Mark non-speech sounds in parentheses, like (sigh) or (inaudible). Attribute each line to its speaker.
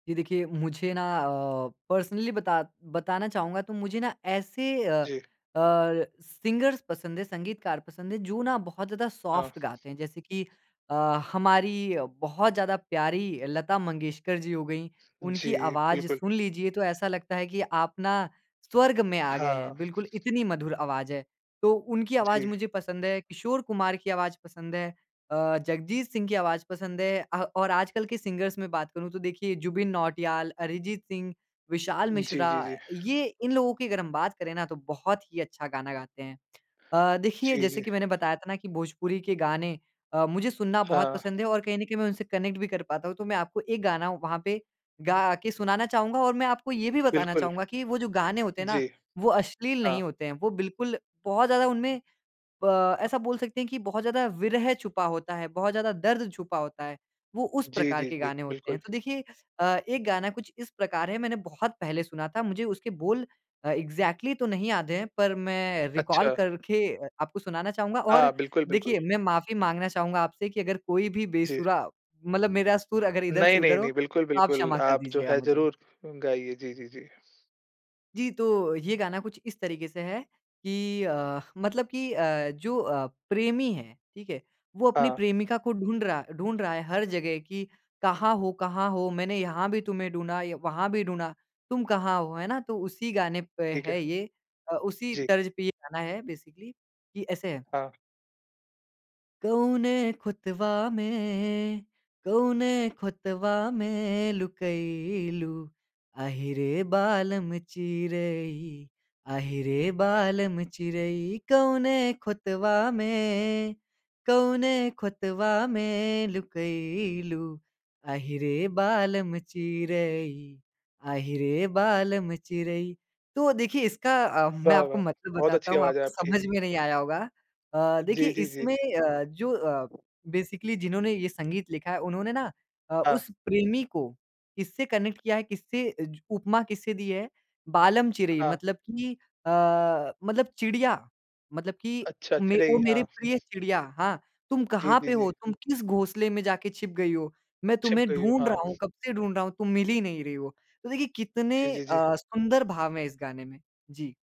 Speaker 1: ये देखिए, मुझे ना अ, पर्सनली बता बताना चाहूँगा। तो मुझे ना ऐसे अ, अ,
Speaker 2: जी।
Speaker 1: सिंगर्स पसंद है, संगीतकार पसंद है, जो ना बहुत ज़्यादा
Speaker 2: हाँ।
Speaker 1: सॉफ्ट गाते हैं। जैसे कि अ, हमारी बहुत ज़्यादा प्यारी लता मंगेशकर जी हो गईं। उनकी
Speaker 2: जी,
Speaker 1: आवाज़
Speaker 2: बिल्कुल।
Speaker 1: सुन लीजिए तो ऐसा लगता है कि आप ना स्वर्ग में आ गए
Speaker 2: हाँ।
Speaker 1: हैं। बिल्कुल, इतनी मधुर आवाज़ है। तो उनकी आवाज़
Speaker 2: जी।
Speaker 1: मुझे पसंद है, किशोर कुमार की आवाज़ पसंद है, अ, जगजीत सिंह की आवाज़ पसंद है अ और आजकल के सिंगर्स में बात करूँ तो देखिए जुबिन नौटियाल, अरिजीत सिंह, विशाल
Speaker 2: जी,
Speaker 1: मिश्रा।
Speaker 2: जी, जी।
Speaker 1: ये इन लोगों की अगर हम बात करें ना तो बहुत ही अच्छा गाना गाते हैं। (clicks tongue) अ, देखिए
Speaker 2: जी,
Speaker 1: जैसे
Speaker 2: जी।
Speaker 1: कि मैंने बताया था ना कि भोजपुरी के गाने अ, मुझे सुनना बहुत
Speaker 2: हाँ।
Speaker 1: पसंद है और कहीं न कहीं मैं उनसे कनेक्ट भी कर पाता हूँ तो मैं आपको एक गाना वहाँ पे गा के सुनाना चाहूँगा और मैं आपको ये भी बताना
Speaker 2: बिल्कुल।
Speaker 1: चाहूँगा कि वो जो गाने होते हैं ना
Speaker 2: जी।
Speaker 1: वो अश्लील नहीं
Speaker 2: हाँ।
Speaker 1: होते हैं। वो बिल्कुल बहुत ज़्यादा उनमें अ, ऐसा बोल सकते हैं कि बहुत ज़्यादा विरह छुपा होता है, बहुत ज़्यादा दर्द छुपा होता है। वो उस
Speaker 2: जी,
Speaker 1: प्रकार
Speaker 2: जी,
Speaker 1: के
Speaker 2: जी।
Speaker 1: गाने होते हैं।
Speaker 2: बिल्कुल।
Speaker 1: तो देखिए अ, एक गाना कुछ इस प्रकार है मैंने बहुत पहले सुना था। मुझे उसके बोल अ, एग्ज़ैक्टली तो नहीं याद हैं पर मैं रिकॉल
Speaker 2: अच्छा।
Speaker 1: करके आपको सुनाना चाहूँगा और
Speaker 2: हाँ। बिल्कुल, बिल्कुल।
Speaker 1: देखिए, मैं माफ़ी माँगना चाहूँगा आपसे की अगर कोई भी
Speaker 2: जी।
Speaker 1: बेसुरा मतलब मेरा सुर अगर इधर से
Speaker 2: नहीं, नहीं,
Speaker 1: उधर हो
Speaker 2: नहीं। बिल्कुल,
Speaker 1: तो आप
Speaker 2: बिल्कुल
Speaker 1: क्षमा कर
Speaker 2: आप जो
Speaker 1: दीजिएगा
Speaker 2: है
Speaker 1: मुझे।
Speaker 2: ज़रूर गाइये। जी, जी, जी।
Speaker 1: जी, तो ये गाना कुछ इस तरीके से है कि अ, मतलब कि अ, जो अ, प्रेमी है, ठीक है? वो अपनी
Speaker 2: हाँ।
Speaker 1: प्रेमिका को ढूँढ़ रहा ढूँढ़ रहा है हर जगह कि कहाँ हो कहाँ हो? मैंने यहाँ भी तुम्हें ढूँढ़ा या वहाँ भी ढूँढ़ा। तुम कहाँ हो है ना? तो उसी गाने पे
Speaker 2: ठीक
Speaker 1: है
Speaker 2: है।
Speaker 1: ये अ, उसी
Speaker 2: जी।
Speaker 1: तर्ज पे ये गाना है बेसिकली। कि ऐसे है
Speaker 2: हाँ।
Speaker 1: कौने खुतवा में, कौने खुतवा में लुकई लू, अहि रे बालम चिरई, अहि रे बालम चिरई कौने खुतवा में, कौने खुतवा में लुकई लू, अहि रे बालम चिरई, अहि रे बालम चिरई। तो देखिए, इसका अ, मैं
Speaker 2: वाह!
Speaker 1: आपको
Speaker 2: वाह!
Speaker 1: मतलब
Speaker 2: बहुत
Speaker 1: बताता
Speaker 2: अच्छी
Speaker 1: हूँ
Speaker 2: आवाज़ है
Speaker 1: आपको
Speaker 2: आपकी।
Speaker 1: समझ में नहीं आया होगा। अ, देखिए
Speaker 2: जी, जी, जी।
Speaker 1: इसमें अ, जो अ, बेसिकली जिन्होंने ये संगीत लिखा है उन्होंने ना अ,
Speaker 2: हाँ।
Speaker 1: उस प्रेमी को इससे कनेक्ट किया है किससे अज उपमा किससे दी है? बालम चिरई
Speaker 2: हाँ।
Speaker 1: मतलब कि अ, मतलब चिड़िया मतलब कि
Speaker 2: अच्छा। अच्छा
Speaker 1: मे को
Speaker 2: चिरई,
Speaker 1: मेरे
Speaker 2: हाँ।
Speaker 1: प्रिय चिड़िया। हाँ, तुम
Speaker 2: जी,
Speaker 1: कहाँ
Speaker 2: जी,
Speaker 1: पे
Speaker 2: जी।
Speaker 1: हो? तुम किस घोंसले में जाके छिप गई हो? मैं
Speaker 2: छिप
Speaker 1: तुम्हें
Speaker 2: गयी।
Speaker 1: ढूँढ़
Speaker 2: हाँ।
Speaker 1: रहा हूँ, कब से ढूँढ़ रहा हूँ, तुम मिल ही नहीं रही हो। तो देखिए कितने
Speaker 2: जी, जी, जी।
Speaker 1: अ, सुंदर भाव है इस गाने में। जी।